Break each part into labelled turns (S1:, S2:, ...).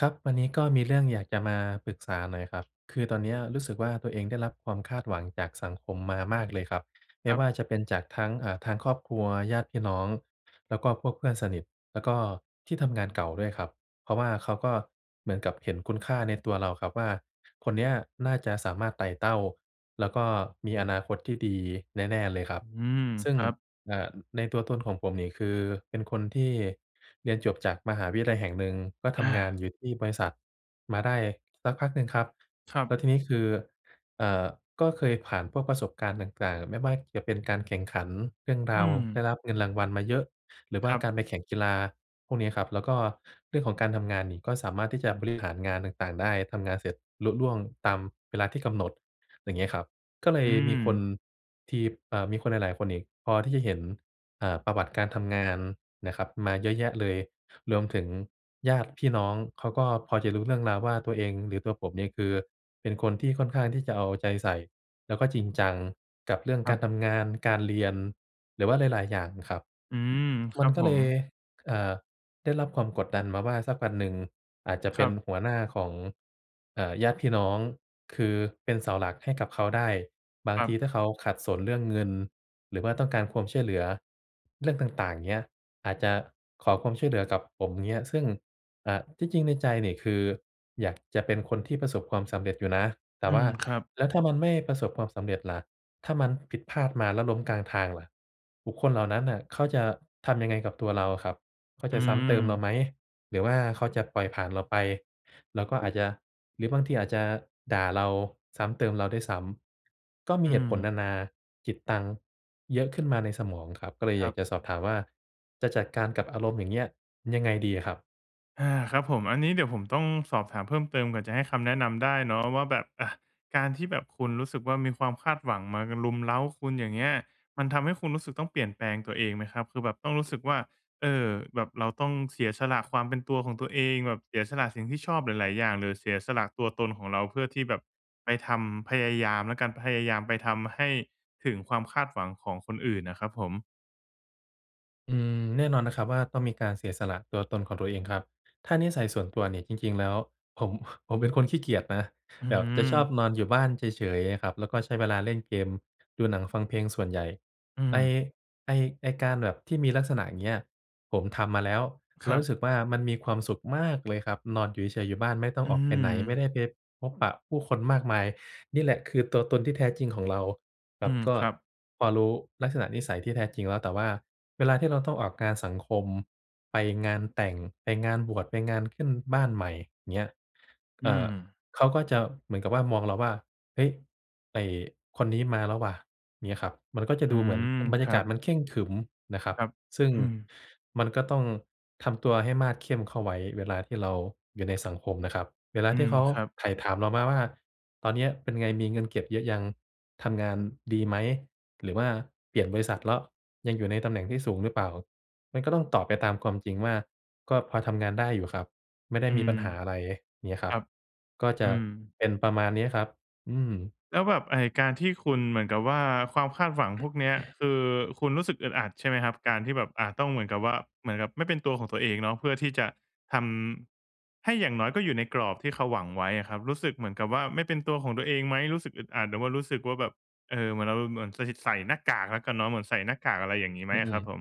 S1: ครับ วันนี้ก็มีเรื่องอยากจะมาปรึกษาหน่อยครับ คือตอนเนี้ยรู้สึกว่า ตัวเองได้รับความคาดหวังจากสังคมมามากเลยครับ ไม
S2: ค
S1: ่
S2: รั
S1: ว
S2: บ
S1: ่าจะเป็นจากทั้ง อ่า ทางครอบครัว ญาติพี่น้อง แล้วก็พวกเพื่อนสนิท แล้วก็ที่ทำงานเก่าด้วยครับ เพราะว่าเขาก็เหมือนกับเห็นคุณค่าในตัวเราครับว่า คนเนี้ยน่าจะสามารถไต่เต้าแล้วก็มีอนาคตที่ดีแน่ ๆ เลยครับ
S2: อืม
S1: ซึ่
S2: ค
S1: ง
S2: รับ
S1: อ่า อือ ในตัวตนของผมนี่คือเป็นคนที่เรียนจบจากมหาวิทยาลัยแห่งหนึ่ง ก็ท
S2: อา
S1: ำงานอยู่ที่บริษัท มาได้สักพักหนึ่งครับ
S2: ครั
S1: แ
S2: บ
S1: ล้วทีนี้คือ เอ่อ ก็เคยผ่านพวกประสบการณ์ต่าง ๆ ไม่ว่าจะเป็นการแข่งขันเรื่องร
S2: อื
S1: าว ได
S2: ม
S1: ้รับเงินรางวัลมาเยอะ หรือว
S2: ค
S1: ่า
S2: รับ
S1: การไปแข่งกีฬา พวกเนี้ยครับ แล้วก็เรื่องของการทำงานนี่ก็สามารถที่จะบริหารงานต่าง ๆ ได้ ทำงานเสร็จลุล่วงตามเวลาที่กำหนด อย่างเงี้ยครับ ก็เล
S2: อ
S1: ย
S2: ื
S1: มีคน
S2: ม
S1: ที่ บ เอ่อ มีคนหลาย ๆ คนอีกพอที่จะเห็น เอ่อ ประวัติการทำงานนะครับมาเยอะแยะเลย รวมถึงญาติพี่น้อง เขาก็พอจะรู้เรื่องราวว่า ตัวเอง หรือตัวผมเนี่ยคือเป็นคนที่ค่อนข้างที่จะเอาใจใส่ แล้วก็จริงจังกับเรื่อง
S2: คร
S1: กา
S2: ับ
S1: รทำงาน การเรียน หรือว่าหลาย ๆ อย่างครับ
S2: อืม ค
S1: มั
S2: รั
S1: น
S2: บ
S1: ก็
S2: ผ
S1: เล
S2: ม
S1: ย เอ่อ ได้รับความกดดันมาว่า สักวันหนึ่งอาจจะเ
S2: ค
S1: ป็
S2: ร
S1: น
S2: ับ
S1: หัวหน้าของ เอ่อ ญาติพี่น้อง คือเป็นเสาหลักให้กับเขาได้ บาง
S2: ครั
S1: ท
S2: บ
S1: ีถ้าเขาขัดสนเรื่องเงิน หรือว่าต้องการความช่วยเหลือเรื่องต่าง ๆ เงี้ย อาจจะขอความช่วยเหลือกับผมเงี้ย ซึ่ง อ่า ที่จริงในใจนี่คืออยากจะเป็นคนที่ประสบความสำเร็จอยู่นะ แต่
S2: อื
S1: ว่า
S2: ม ครับ
S1: แล้วถ้ามันไม่ประสบความสำเร็จล่ะ ถ้ามันผิดพลาดมาแล้วล้มกลางทางล่ะ บุคคลเหล่านั้นน่ะเขาจะทำยังไงกับตัวเราครับ? เขา
S2: อ
S1: จ
S2: ื
S1: ะซ้ำเติมเรา
S2: ม
S1: ไหม? หรือว่าเขาจะปล่อยผ่านเราไป เราก็อาจจะ หรือบางทีอาจจะด่าเรา ซ้ำเติมเราด้วยซ้ำ ก็มี
S2: อื
S1: เหตุผลน
S2: ม
S1: านาจิตตังเยอะขึ้นมาในสมองครับ ก็เลย
S2: ค
S1: อ
S2: ร
S1: ยา
S2: ั
S1: ก
S2: บ
S1: จะสอบถามว่า จะจัดการกับอารมณ์อย่างเงี้ย ยังไงดีอะครับ?
S2: อา ครับผม อันนี้เดี๋ยวผมต้องสอบถามเพิ่มเติม ก่อนจะให้คำแนะนำได้เนาะว่าแบบ อา การที่แบบคุณรู้สึกว่า มีความคาดหวังมา ก รุมเร้าคุณ อย่างเงี้ย มันทำให้คุณรู้สึกต้องเปลี่ยนแปลงตัวเองไหมครับ? คือแบบต้องรู้สึกว่า เออ แบบเราต้องเสียสละความเป็นตัวของตัวเอง แบบเสียสละสิ่งที่ชอบหลาย ๆ อย่าง หรือเสียสละตัวตนของเรา เพื่อที่แบบไปทำ พยายามแล้วกัน พยายามไปทำให้ถึงความคาดหวังของคนอื่นน่ะครับผม
S1: อืม แน่นอนนะครับว่า ต้องมีการเสียสละตัวตนของตัวเองครับ ถ้านิสัยส่วนตัวนี่ จริง ๆ แล้วผม ผมเป็นคนขี้เกียจนะ
S2: อื้
S1: แบ
S2: อฮ
S1: บ
S2: ื
S1: จะชอบ
S2: อ
S1: นอนอยู่บ้านเฉย ๆ อะครับ แล้วก็ใช้เวลาเล่นเกม ดูหนังฟังเพลงส่วนใหญ่
S2: อื
S1: ไอ้
S2: ม
S1: ไอ้ ไอ้การแบบที่มีลักษณะอย่างเงี้ย ผมทำมาแล้ว
S2: ค
S1: แล้
S2: ร
S1: ว
S2: ั
S1: ร
S2: บ
S1: ู้สึกว่า มันมีความสุขมากเลยครับ นอนอยู่เฉย ๆ อยู่บ้านไม่ต้อง
S2: อื
S1: ออกไปไหน ไม่
S2: ม
S1: ได้ไปพบปะผู้คนมากมาย นี่แหละคือตัวตนที่แท้จริงของเรา ค
S2: อ
S1: ร
S2: ื
S1: ับ
S2: ม
S1: ก็
S2: ครับ
S1: พอรู้ลักษณะนิสัยที่แท้จริงแล้ว แต่ว่าเวลาที่เราต้องออกงานสังคม ไปงานแต่ง ไปงานบวช ไปงานขึ้นบ้านใหม่ อย่างเงี้ย เ
S2: อ
S1: อ
S2: ื
S1: ่อ
S2: ม
S1: เขาก็จะ เหมือนกับว่ามองเราว่า "เฮ้ย! ไอ้คนนี้มาแล้วว่ะ" อย่างเงี้ยครับ มันก็จะ
S2: อื
S1: ดูเหมือน
S2: ม
S1: บรรย
S2: ค
S1: า
S2: ร
S1: ก
S2: ั
S1: าศ
S2: บ
S1: มันเคร่งขรึมนะครับ
S2: ครับ
S1: ซึ่ง
S2: อือ
S1: มันก็ต้องทำตัวให้มาดเข้มเข้าไว้ เวลาที่เราอยู่ในสังคมนะครับ เวลา
S2: อื
S1: ที่
S2: ม
S1: เขา
S2: ครับ
S1: ไถ่ถามเรามาว่า "ตอนเนี้ยเป็นไงมีเงินเก็บเยอะยัง? ทำงานดีไหม? หรือว่าเปลี่ยนบริษัทเลาะ ยังอยู่ในตำแหน่งที่สูงหรือเปล่า?" มันก็ต้องตอบไปตามความจริงว่า "ก็พอทำงานได้อยู่ครับ ไม่ได้
S2: อื
S1: มีป
S2: ม
S1: ัญหาอะไร" เงี้ยค
S2: ค
S1: รั
S2: ร
S1: บ
S2: ับ
S1: ก็จ
S2: อื
S1: ะ
S2: ม
S1: เป็นประมาณนี้ครับ อืม
S2: แล้วแบบไอ้การที่คุณ เหมือนกับว่า ความคาดหวังพวกเนี้ย คือคุณรู้สึกอึดอัดใช่ไหมครับ? การที่แบบ อา ต้องเหมือนกับว่า เหมือนกับไม่เป็นตัวของตัวเองเนาะ เพื่อที่จะทำ ให้อย่างน้อยก็อยู่ในกรอบที่เขาหวังไว้อะครับ รู้สึกเหมือนกับว่าไม่เป็นตัวของตัวเองไหม? รู้สึกอึดอัดหรือว่ารู้สึกว่าแบบ เอ่อ เหมือนเรา เหมือนใส่ ใส่หน้ากากแล้วกันเนาะ เหมือนใส่หน้ากาก อะไรอย่างงี้ไห
S1: อ
S2: ม
S1: ื
S2: อะครั
S1: อ
S2: บ
S1: ๆ
S2: ผม?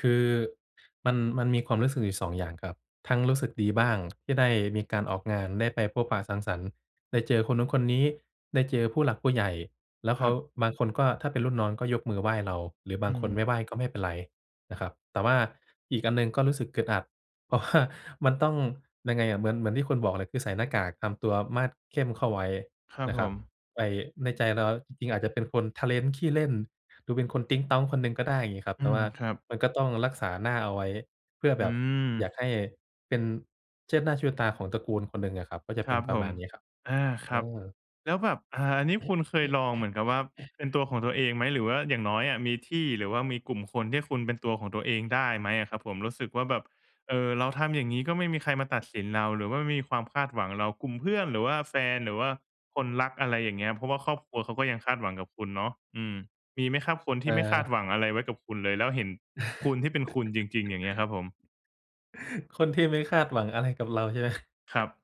S1: คือมัน มันมีความรู้สึกอยู่ 2 อย่างครับ ทั้งรู้สึกดีบ้าง ที่ได้มีการออกงาน ได้ไปพบปะสังสรรค์ ได้เจอคนนู้นคนนี้ ได้เจอผู้หลักผู้ใหญ่ แล้ว
S2: ค
S1: เข
S2: ร
S1: า
S2: ับ
S1: บางคนก็ ถ้าเป็นรุ่นน้องก็ยกมือไหว้เรา หรือบ
S2: อ
S1: า
S2: ื
S1: งคนไ
S2: ม
S1: ม่ไหว้ก็ไม่เป็นไรนะครับ แต่ว่าอีกอันหนึ่งก็รู้สึกอึดอัด เพราะว่า มันต้อง ยังไงอะ เหมือน เหมือนที่คุณบอกเลย คือใส่หน้ากาก ทำตัวมาดเข้มเข้าไว้
S2: ครับ
S1: นะ
S2: ผ
S1: ครับ
S2: ม
S1: ไอ่ ในใจเราจริง ๆ อาจจะเป็นคนทะเล้น ขี้เล่น ดูเป็นคนติ๊งต๊องคนหนึ่งก็ได้ อย่างงี้ครับ
S2: อื
S1: แต่ว
S2: ม
S1: ่า
S2: ครับ
S1: มันก็ต้องรักษาหน้าเอาไว้เพื่อแ
S2: อ
S1: บ
S2: ื
S1: บอยา
S2: ม
S1: กให้เป็น เชิดหน้าชูตาของตระกูลคนหนึ่งอะครับ ก็จะ
S2: ค
S1: เ
S2: ร
S1: ป็
S2: ั
S1: น
S2: บ
S1: ปร
S2: ผ
S1: ะม
S2: ม
S1: าณนี้ครับ
S2: อา ค
S1: เ
S2: ร
S1: อ
S2: ับ
S1: อ
S2: แล้วแบบ อ่า อันนี้คุณเคยลองเหมือนกับว่า เป็นตัวของตัวเองไหม? หรือว่าอย่างน้อยอะมีที่ หรือว่ามีกลุ่มคนที่คุณเป็นตัวของตัวเองได้ไหมอะครับผม? รู้สึกว่าแบบ เอ่อ เราทำอย่างงี้ก็ไม่มีใครมาตัดสินเรา หรือว่าไม่มีความคาดหวังเรา กลุ่มเพื่อน หรือว่าแฟน หรือว่าคนรัก อะไรอย่างเงี้ย เพราะว่าครอบครัวเขาก็ยังคาดหวังกับคุณเนาะ อืม มีไหมครับ? คนที่ไม่คาด
S1: เออ
S2: หวังอะไรไว้กับคุณเลย แล้วเห็นคุณที่เป็นคุณจริง ๆ อย่างเงี้ยครับผม
S1: คนที่ไม่คาดหวังอะไรกับเราใช่ ไหม?
S2: ครับ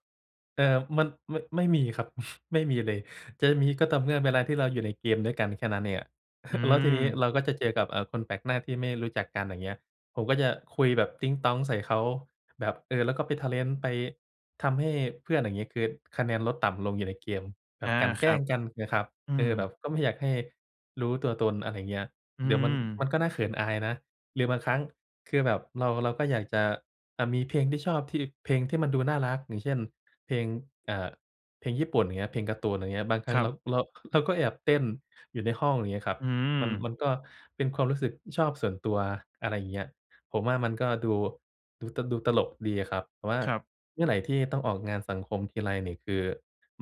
S1: เอ่อ มัน ม ไม่มีครับ ไม่มีเลย จะมีก็ต่อเมื่อเวลาที่เราอยู่ในเกมด้วยกัน แค่นั้นเองอะ
S2: อื
S1: แล้วทีนี้
S2: ม
S1: เราก็จะเจอกับ อ่า คนแปลกหน้าที่ไม่ได้รู้จักกัน อย่างเงี้ย ผมก็จะคุยแบบติ๊งต๊องใส่เขา แบบ เออ แล้วก็ไปทะเล้น ไปทำให้เพื่อน อย่างงี้ คือคะแนนลดต่ำลงอยู่ในเกม แบ
S2: อ
S1: บ
S2: า
S1: กลั่นแ
S2: ค
S1: กล
S2: ร
S1: ้
S2: ั
S1: ง
S2: บ
S1: กัน งี้ครับ
S2: อื
S1: เอ
S2: ม
S1: อ แบบก็ไม่อยากให้รู้ตัวตน อะไรเงี้ย
S2: อื
S1: เดี๋ยวมัน ม
S2: ม
S1: ันก็น่าเขินอายนะ หรือบางครั้งคือแบบเรา เราก็อยากจะ อ่า มีเพลงที่ชอบที่ เพลงที่มันดูน่ารัก อย่างเช่น เพลง เอ่อ เพลงญี่ปุ่น อย่างเงี้ย เพลงการ์ตูน อย่างเงี้ย บางครั
S2: ค
S1: ้ง
S2: รั
S1: เรา
S2: บ
S1: เรา เราก็แอบเต้นอยู่ในห้อง อย่างเงี้ยครับ
S2: อื
S1: มัน
S2: ม
S1: มันก็เป็นความรู้สึก อือ ชอบส่วนตัว อะไรอย่างเงี้ย ผมว่ามันก็ดู ดูตะ ดูตลกดีอะครับ แต่ว่า
S2: ครับ
S1: เมื่อไรที่ต้องออกงานสังคมทีไรนี่คือ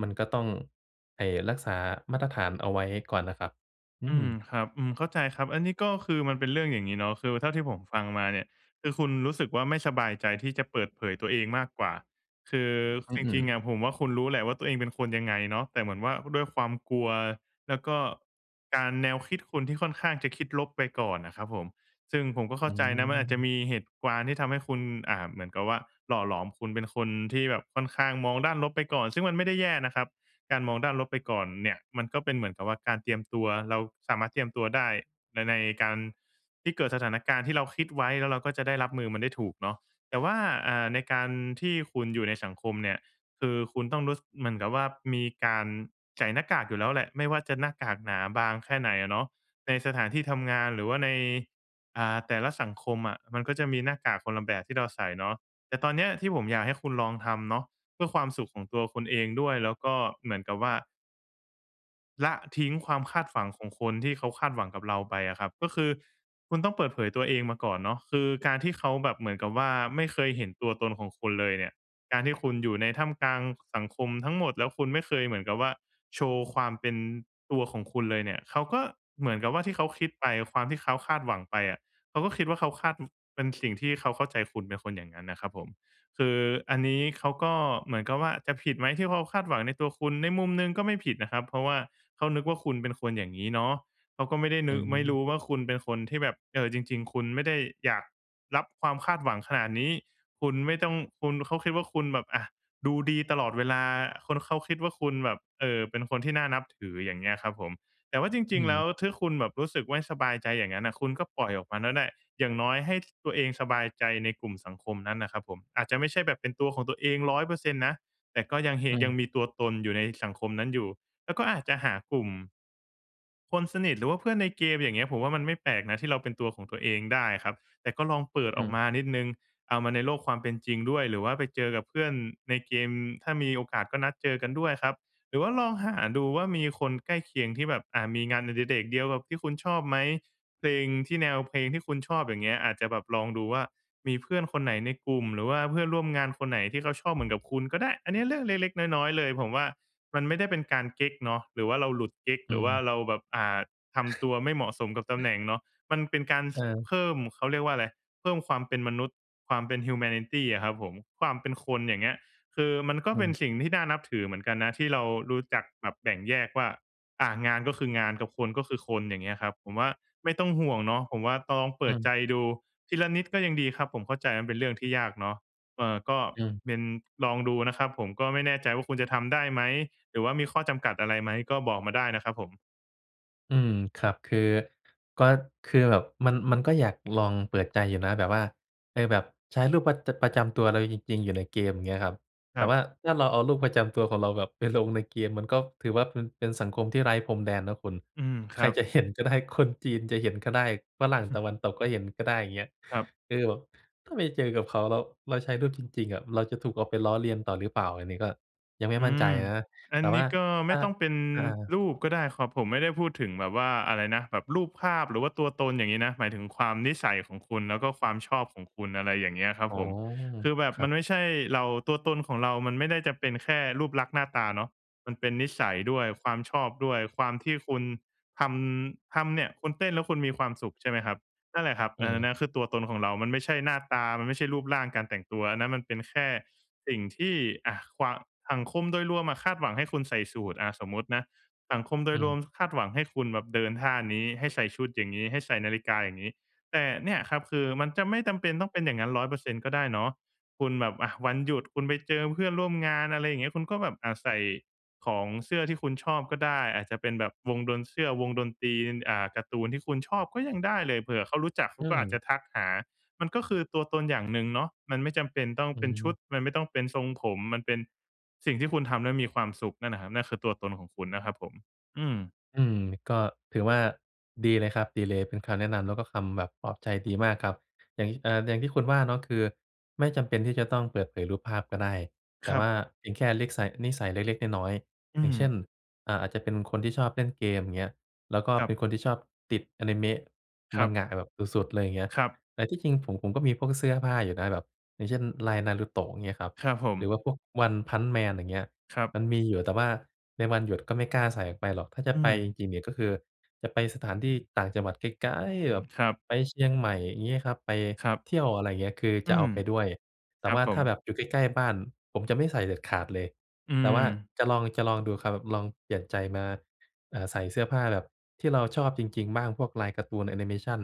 S1: มันก็ต้อง ไอ้ รักษามาตรฐานเอาไว้ก่อนน่ะครับ อื
S2: อืม
S1: ม
S2: ครับ อืม เข้าใจครับ อันนี้ก็คือมันเป็นเรื่องอย่างงี้เนาะ คือเท่าที่ผมฟังมาเนี่ย คือคุณรู้สึกว่า ไม่สบายใจที่จะเปิดเผยตัวเองมากกว่า คือ
S1: อ
S2: ค
S1: ื
S2: จ
S1: อ
S2: ริง ๆ
S1: ๆ
S2: อะผมว่า คุณรู้แหละว่า ตัวเองเป็นคนยังไงเนาะ แต่เหมือนว่าด้วยความกลัว แล้วก็การ แนวคิดคุณที่ค่อนข้างจะคิดลบไปก่อนน่ะครับผม ซึ่งผมก็เข้
S1: อ
S2: า
S1: ื
S2: ใจนะมันอาจจะ
S1: ม
S2: มีเหตุการณ์ ที่ทำให้คุณ อ่า เหมือนกับว่า หล่อหลอมคุณเป็นคนที่แบบค่อนข้างมองด้านลบไปก่อน ซึ่งมันไม่ได้แย่นะครับการมองด้านลบไปก่อนเนี่ย มันก็เป็นเหมือนกับว่า การเตรียมตัว เราสามารถเตรียมตัวได้ใน ในการที่เกิดสถานการณ์ที่เราคิดไว้ แล้วเราก็จะได้รับมือมันได้ถูกเนาะ แต่ว่า อ่า ในการที่คุณอยู่ในสังคมเนี่ย คือคุณต้องรู้ ส เหมือนกับว่า มีการใส่หน้ากากอยู่แล้วแหละ ไม่ว่าจะหน้ากากหนาบางแค่ไหนอะเนาะ ในสถานที่ทำงานหรือว่าใน อ่า แต่ละสังคมอะ มันก็จะมีหน้ากากคนละแบบที่เราใส่เนาะ แต่ตอนเนี้ยที่ผมอยากให้คุณลองทำเนาะ เพื่อความสุขของตัวคุณเองด้วยแล้วก็เหมือนกับว่า ละทิ้งความคาดหวังของคนที่เขาคาดหวังกับเราไปอะครับ ก็คือคุณต้องเปิดเผยตัวเองมาก่อนเนาะ คือการที่เขาแบบเหมือนกับว่า ไม่เคยเห็นตัวตนของคุณเลยเนี่ย การที่คุณอยู่ในท่ามกลางสังคมทั้งหมด แล้วคุณไม่เคยเหมือนกับว่า โชว์ความเป็นตัวของคุณเลยเนี่ย เขาก็เหมือนกับว่าที่เขาคิดไป ความที่เขาคาดหวังไปอะ เขาก็คิดว่าเขาคาด เป็นสิ่งที่เขาเข้าใจคุณเป็นคนอย่างนั้นน่ะครับผม คืออันนี้เขาก็เหมือนกับว่า จะผิดไหมที่เขาคาดหวังในตัวคุณ? ในมุมหนึ่งก็ไม่ผิดนะครับ เพราะว่าเขานึกว่าคุณเป็นคนอย่างงี้เนาะ เขาก็ไม่ได้
S1: อ
S2: นึก ไม่ร
S1: ืม
S2: ู้ว่าคุณเป็นคนที่แบบ เอ่อ จริง ๆ คุณไม่ได้อยากรับความคาดหวังขนาดนี้ คุณไม่ต้อง คุณ เขาคิดว่าคุณแบบ อะ ดูดีตลอดเวลา คนเขาคิดว่าคุณแบบ เอ่อ เป็นคนที่น่านับถือ อย่างเงี้ยครับผม แต่ว่าจ
S1: อื
S2: ริง ๆ แล้
S1: ม
S2: วถ้าคุณแบบรู้สึกว่าสบายใจอย่างงั้นน่ะ คุณก็ปล่อยออกมาน่ะแหละ อย่างน้อยให้ ตัวเองสบายใจในกลุ่มสังคมนั้นน่ะครับผม อาจจะไม่ใช่แบบเป็นตัวของตัวเอง 100% นะ แต่ก็ยังเฮ
S1: อ
S2: ยั
S1: ื
S2: ง
S1: ม
S2: มีตัวตนอยู่ในสังคมนั้นอยู่ แล้วก็อาจจะหากลุ่ม คนสนิท หรือว่าเพื่อนในเกม อย่างเงี้ย ผมว่ามันไม่แปลกนะที่เราเป็นตัวของตัวเองได้ครับ แต่ก็ลองเปิด
S1: อื
S2: ออก
S1: ม
S2: มานิดหนึ่ง เอามาในโลกความเป็นจริงด้วย หรือว่าไปเจอกับเพื่อนในเกม ถ้ามีโอกาสก็นัดเจอกันด้วยครับ หรือว่าลองหาดูว่า มีคนใกล้เคียงที่แบบ อะ มีงานอดิเรกเดียวกับที่คุณชอบไหม เพลงที่ แนวเพลงที่คุณชอบ อย่างเงี้ย อาจจะแบบลองดูว่า มีเพื่อนคนไหนในกลุ่ม หรือว่าเพื่อนร่วมงานคนไหนที่เขาชอบเหมือนกับคุณก็ได้ อันเนี้ยเรื่องเล็ก ๆ น้อย ๆ เลย ผมว่ามันไม่ได้เป็นการเก๊กเนาะ หรือว่าเราหลุดเก๊ก
S1: อื
S2: หรือว่า
S1: ม
S2: เราแบบ อ่า ทำตัวไม่เหมาะสมกับตำแหน่งเนาะ มันเป็นการ ส
S1: เออ
S2: เพิ่ม เขาเรียกว่าอะไร เพิ่มความเป็นมนุษย์ ความเป็น humanity อะครับผม ความเป็นคน อย่างเงี้ย คือมันก็
S1: อื
S2: เป็น
S1: ม
S2: สิ่งที่น่านับถือเหมือนกันนะ ที่เรารู้จักแบบแบ่งแยกว่า อ่า งานก็คืองาน กับคนก็คือคน อย่างเงี้ยครับ ผมว่าไม่ต้องห่วงเนาะ ผมว่าต้องลองเป
S1: อื
S2: ิดใจ
S1: ม
S2: ดูทีละนิดก็ยังดีครับ ผมเข้าใจว่ามันเป็นเรื่องที่ยากเนาะ เอ่อ ก็
S1: อืม
S2: เป็น ลองดูนะครับ ผมก็ไม่แน่ใจว่าคุณจะทำได้ไหม? หรือว่ามีข้อจำกัดอะไรไหม? ก็บอกมาได้นะครับผม
S1: อืม ครับ คือ ก็ คือแบบมัน มันก็อยากลองเปิดใจอยู่นะ แบบว่า เออ แบบใช้รูปประ รูปประจำตัวเราจริง ๆ อยู่ในเกมเงี้ยครับ
S2: ค
S1: แต่
S2: รับ
S1: ว่า ถ้าเราเอารูปประจำตัวของเราแบบไปลงในเกมมันก็ถือว่า เป็นสังคมที่ไร้พรมแดนนะคุณ
S2: อืม ค
S1: ใค
S2: ร
S1: ร
S2: ับ
S1: จะเห็นก็ได้ คนจีนจะเห็นก็ได้ ฝรั่งตะวันตกก็เห็น ก็ได้อย่างเงี้ย
S2: ครับ
S1: คือแบบ ถ้าไปเจอกับเขาแล้ว เราใช้รูปจริง ๆ อะ เราจะถูกเอาไปล้อเลียนต่อ หรือเปล่าอันนี้ ก็ ยังไม่
S2: อ
S1: ม
S2: ื
S1: ั่นใจ
S2: ม
S1: อะนะ
S2: อ
S1: แ
S2: ั
S1: ต่
S2: นน
S1: ว่
S2: ี
S1: า
S2: ้ ก็
S1: ถ
S2: ไม
S1: ้า
S2: ่ต้องเป็น
S1: อา
S2: รูปก็ได้ครับ ผมไม่ได้พูดถึงแบบว่า อะไรนะ แบบ รูปภาพ หรือว่า ตัวตนอย่างงี้นะ หมายถึงความนิสัยของคุณ แล้วก็ความชอบของคุณ อะไรอย่างเงี้ยครับ
S1: อ๋อ
S2: ผม คือแบ
S1: ค
S2: บ
S1: ร
S2: ม
S1: ั
S2: ัน
S1: บ
S2: ไม่ใช่เรา ตัวตนของเรามันไม่ได้จะเป็นแค่รูปลักษณ์ หน้าตาเนาะ มันเป็นนิสัยด้วย ความชอบด้วย ความที่คุณทำ ทำเนี่ย คุณเต้นแล้ว คุณมีความสุข ใช่ไหมครับ นั่นแหละครับ
S1: อื
S2: อันนั้
S1: ม
S2: นนะ คือตัวตนของเรา มันไม่ใช่หน้าตา มันไม่ใช่รูปร่าง การแต่งตัว อันนั้นมันเป็นแค่สิ่งที่อะความ สังคมโดยรวมอะ คาดหวังให้คุณใส่สูทอะ สมมุตินะ สังคมโด
S1: อื
S2: ยรว
S1: ม
S2: มคาดหวังให้คุณแบบเดินท่านี้ ให้ใส่ชุดอย่างงี้ ให้ใส่นาฬิกาอย่างงี้ แต่เนี่ยครับ คือ มันจะไม่จำเป็น ต้องเป็นอย่างนั้น 100% ก็ได้เนาะ คุณแบบอะ วันหยุดคุณไปเจอเพื่อนร่วมงาน อะไรอย่างเงี้ย คุณก็แบบ อ่า ใส่ ของเสื้อที่คุณชอบก็ได้ อาจจะเป็นแบบวงดน เสื้อวงดนตรี อ่า การ์ตูนที่คุณชอบก็ยังได้เลย เผื่อเขารู้จักเข
S1: อ
S2: า
S1: ื
S2: ก็อาจ
S1: ม
S2: จะทักหา มันก็คือตัวตนอย่างหนึ่งเนาะ มันไม่จำเป็นต้อง
S1: อื
S2: เป็นชุ
S1: ม
S2: ด มันไม่ต้องเป็นทรงผม มันเป็น สิ่งที่คุณทำแล้ว มีความสุขนั่นแหละครับ นั่นคือ ตัวตนของคุณนะครับผม อืม
S1: อืม ก็ถือว่า ดีเลยครับ ดีเลยเป็นคำแนะนำแล้ว ก็คำปลอบใจดีมากครับ อย่างที่ อ่า อย่างที่คุณว่าเนาะ ก็คือ ไม่จำเป็นที่จะต้องเปิดเผยรูปภาพก็ได้ แต
S2: ค
S1: ่
S2: รั
S1: ว
S2: บ
S1: ่า เพียงแค่เล็กสัย นิสัยเล็ก ๆ น้อย
S2: อื
S1: ๆ อย่างเช่น
S2: ม
S1: เอ่อ อาจจะเป็นคนที่ชอบเล่นเกมเงี้ย แล้วก็
S2: คร
S1: เ
S2: ั
S1: ป็
S2: บ
S1: นคนที่ชอบติดอานิเมะ
S2: ครับ
S1: Manga แบบสุด ๆ เลย อย่างเงี้ย
S2: ครับ
S1: แต่ที่จริงผม ผมก็มีพวกเสื้อผ้าอยู่นะ แบบ อย่างเช่น ลายนารูโตะเงี้ยครับ
S2: ครับผ
S1: หร
S2: ม
S1: ือว่า พวกวันพันช์แมนอย่างเงี้ย
S2: ครับ
S1: มันมีอยู่ แต่ว่าในวันหยุด ก็ไม่กล้าใส่ไปหรอก ถ้าจะ
S2: อื
S1: ไป
S2: ม
S1: จริง ๆ เนี่ย ก็คือ จะไปสถานที่ต่างจังหวัดไกล ๆ แบบ
S2: ครับ
S1: ไปเชียงใหม่งี้ครับ ไป
S2: ครับ
S1: เที่ยว อะไรอย่างเงี้ย คือ
S2: อ
S1: จ
S2: ื
S1: ะเอ
S2: ม
S1: าไปด้วย แต
S2: ค
S1: ่
S2: รั
S1: ว
S2: บ
S1: ่า
S2: ผ
S1: ถ้าแ
S2: ม
S1: บบอยู่ใกล้ ๆ บ้านผมจะไม่ใส่เด็ดขาดเลย
S2: อื
S1: แต่ว่า
S2: ม
S1: จะลอง จะลองดูครับ ลองเปลี่ยนใจมา เอ่อ ใส่เสื้อผ้าแบบที่เราชอบจริง ๆ บ้าง พวกลายการ์ตูนแอนิเมชัน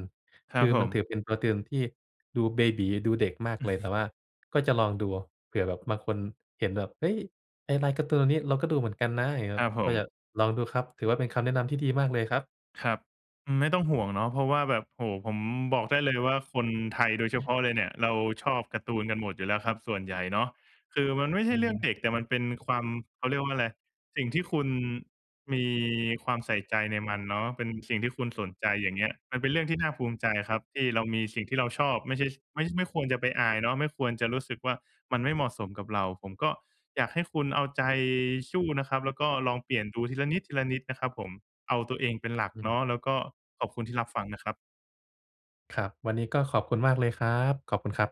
S2: คร
S1: ค
S2: ั
S1: ื
S2: บ
S1: อ
S2: ผ
S1: มันถื
S2: ม
S1: อเป็นการ์ตูนที่ ดูเบบี๋ ดูเด็กมากเลย แต่ว่าก็จะลองดู เผื่อแบบบางคน เห็นแบบ เฮ้ย ไอ้ลายการ์ตูนนี้ เราก็ดูเหมือนกันนะ อย่างเงี้ย
S2: ค
S1: คร
S2: ร
S1: ับ
S2: ับผ
S1: ก็อยาก
S2: ม
S1: ลองดูครับ ถือว่า เป็นคำแนะนำที่ดีมากเลยครับ
S2: ครับ อืม ไม่ต้องห่วงเนาะ เพราะว่า แบบ โอ้ ผมบอกได้เลยว่า คนไทยโดยเฉพาะเลยเนี่ย เราชอบการ์ตูนกันหมดอยู่แล้วครับ ส่วนใหญ่เนาะ คือมันไม่ใ
S1: อ
S2: ช
S1: ื
S2: ่เรื่องเ
S1: ม
S2: ด็ก แต่มันเป็นความ เขาเรียกว่าอะไร สิ่งที่คุณ มีความใส่ใจในมันเนาะ เป็นสิ่งที่คุณสนใจ อย่างเงี้ย มันเป็นเรื่องที่น่าภูมิใจครับ ที่เรามีสิ่งที่เราชอบ ไม่ใช่ ไม่ ไม่ควรจะไปอายเนาะ ไม่ควรจะรู้สึกว่า มันไม่เหมาะสมกับเรา ผมก็อยากให้คุณเอาใจสู้นะครับแล้ว ก็ลองเปลี่ยนดู ทีละนิด ทีละนิดนะครับผม เอาตัวเองเป็นหลัก
S1: อื
S2: เ
S1: ม
S2: นาะแล้ว ก็ขอบคุณที่รับฟังนะครับ
S1: ครับ วันนี้ก็ขอบคุณมากเลยครับ ขอบคุณครับ